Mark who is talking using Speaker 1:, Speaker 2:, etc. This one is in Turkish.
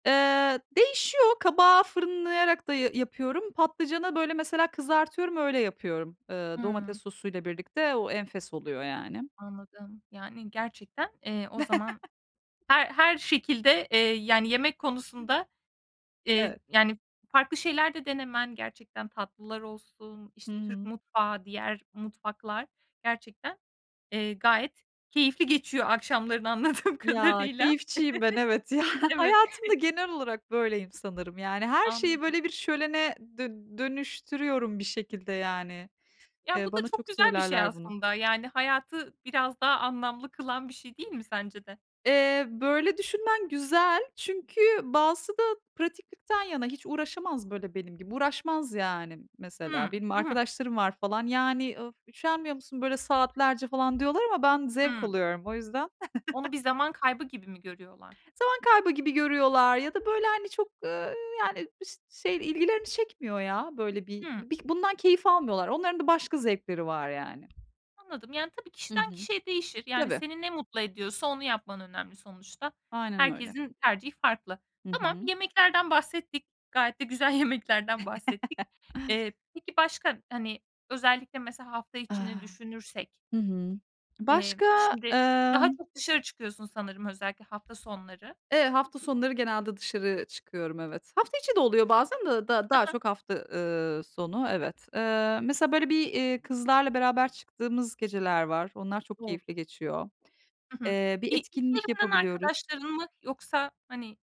Speaker 1: Eee, değişiyor. Kabağı fırınlayarak da ya yapıyorum. Patlıcana, böyle, mesela kızartıyorum, öyle yapıyorum, eee, domates
Speaker 2: Hıı.
Speaker 1: sosuyla birlikte. O enfes oluyor yani.
Speaker 2: Anladım. Yani, gerçekten, eee, o zaman her her şekilde, eee, yani, yemek konusunda, eee,
Speaker 1: Evet.
Speaker 2: yani, farklı şeyler de denemen gerçekten tatlılar olsun, işte, Türk
Speaker 1: Hımm.
Speaker 2: mutfağı, diğer mutfaklar, gerçekten, eee, gayet keyifli geçiyor akşamların anladığım
Speaker 1: Ya,
Speaker 2: kadarıyla.
Speaker 1: keyifçiyim ben, evet, ya.
Speaker 2: Evet
Speaker 1: Hayatımda, genel olarak, böyleyim sanırım. Yani, her şeyi,
Speaker 2: Anladım.
Speaker 1: böyle, bir şölene, d dönüştürüyorum, bir şekilde, yani.
Speaker 2: Ya,
Speaker 1: Eee,
Speaker 2: bu da
Speaker 1: bana,
Speaker 2: çok
Speaker 1: çok,
Speaker 2: güzel bir şey
Speaker 1: söylerler bunu.
Speaker 2: aslında, yani hayatı biraz daha anlamlı kılan bir şey değil mi sence de?
Speaker 1: Eee, böyle, düşünmen güzel çünkü bazısı da pratiklikten yana, hiç uğraşamaz böyle benim gibi uğraşmaz yani,
Speaker 2: Hıı.
Speaker 1: mesela. Benim
Speaker 2: Hı hı.
Speaker 1: arkadaşlarım var falan. "Yani, of, üşenmiyor musun, böyle saatlerce?" falan diyorlar ama ben zevk
Speaker 2: Hımm.
Speaker 1: alıyorum, o yüzden.
Speaker 2: Onu bir zaman kaybı gibi mi görüyorlar?
Speaker 1: Zaman kaybı gibi görüyorlar ya da böyle, hani, çok, ııı, yani, [unintelligible] şey, ilgilerini çekmiyor ya. Böyle, bir
Speaker 2: Hıı.
Speaker 1: b bundan keyif almıyorlar. Onların da başka zevkleri var yani.
Speaker 2: Anladım, yani, tabii,
Speaker 1: Hı
Speaker 2: kişiden
Speaker 1: hı.
Speaker 2: kişiye değişir. Yani,
Speaker 1: Tabii.
Speaker 2: seni ne mutlu ediyorsa onu yapman önemli sonuçta.
Speaker 1: Aynen öyle.
Speaker 2: Herkesin tercihi farklı.
Speaker 1: Hı
Speaker 2: Tamam,
Speaker 1: hı.
Speaker 2: yemeklerden bahsettik, gayet de güzel yemeklerden bahsettik. Eee, peki, başka, hani, özellikle, mesela, hafta içini
Speaker 1: Ah,
Speaker 2: düşünürsek
Speaker 1: hı hı.
Speaker 2: eee,
Speaker 1: Başka,
Speaker 2: şimdi daha
Speaker 1: ımm
Speaker 2: çok dışarı çıkıyorsun sanırım, özellikle hafta sonları.
Speaker 1: Eee, hafta sonları, genelde, dışarı çıkıyorum, evet. Hafta içi de oluyor, bazen de d
Speaker 2: Hı
Speaker 1: daha
Speaker 2: hı.
Speaker 1: çok, hafta, ııı, sonu, evet. Eee, mesela, böyle, bir, iii, kızlarla beraber çıktığımız geceler var. Onlar, çok
Speaker 2: O!
Speaker 1: keyifli geçiyor.
Speaker 2: Hı hı.
Speaker 1: Eee,
Speaker 2: İ
Speaker 1: bir
Speaker 2: iş
Speaker 1: etkinlik
Speaker 2: yerinden
Speaker 1: yapabiliyoruz.
Speaker 2: arkadaşların mı? Yoksa, hani